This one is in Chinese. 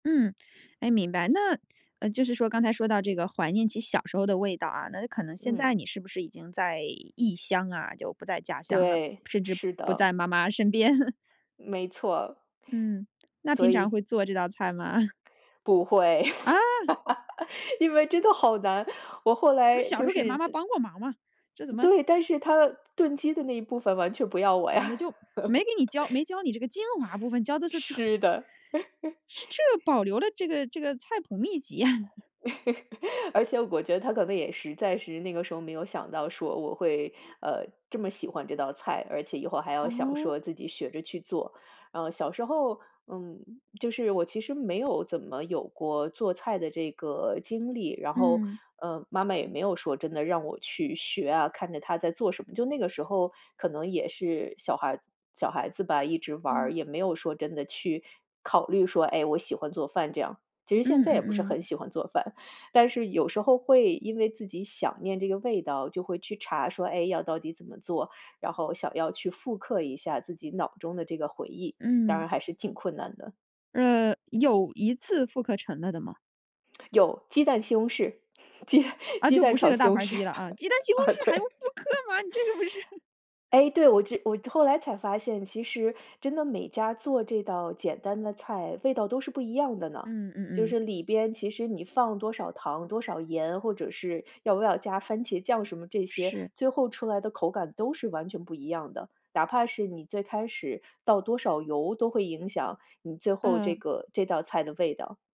嗯，哎，明白。那，呃，就是说刚才说到这个怀念起小时候的味道啊，那有可能现嗯。在你是不是已经在异乡啊，就不在家乡了，对，甚至是不在的。妈妈身边。没错。嗯，那所平常以会做这道菜吗？不会。啊？因为真的好难，我后不是来小时就候给是妈妈自帮过忙吗？这怎么对，但是她炖鸡的那一部分完全不要我完了呀。就没给你教没教你这个精华部分，教的 是这是的。是 这保留了这个这个菜谱秘籍呀！而且我觉得她可能也实在是，那个时候没有想到说我会，呃，这么喜欢这道菜，而且以后还要想哦？说自己学着去做。嗯，小时候，嗯，就是我其实没有怎么有过做菜的这个经历，然后，嗯。嗯，妈妈也没有说真的让我去学啊，看着她在做什么。就那个时候，可能也是小孩子小孩子吧，一直玩儿，嗯。也没有说真的去考虑说，哎，我喜欢做饭这样。其实现嗯在也嗯不是嗯。很喜欢做饭，但是有时候会因为自己想念这个味道，就会去查说，哎，要到底怎么做，然后想要去复刻一下自己脑中的这个回忆，当嗯。然还是挺困难的。呃，有一次复刻成了的吗？有，鸡蛋西红柿，鸡啊，鸡就不蛋是那炒个西大红盘儿柿，鸡了啊，鸡蛋西红啊，柿还用对。复刻吗？这个不是哎，对，我这我后来才发现，其实真的每家做这道简单的菜，味道都是不一样的呢。嗯嗯就嗯。是里边其实你放多少糖多少盐，或者是要不要加番茄酱什么这些，是。最后出来的口感都是完全不一样的。哪怕是你最开始倒多少油都会影响你最后这嗯。个这道菜的味道。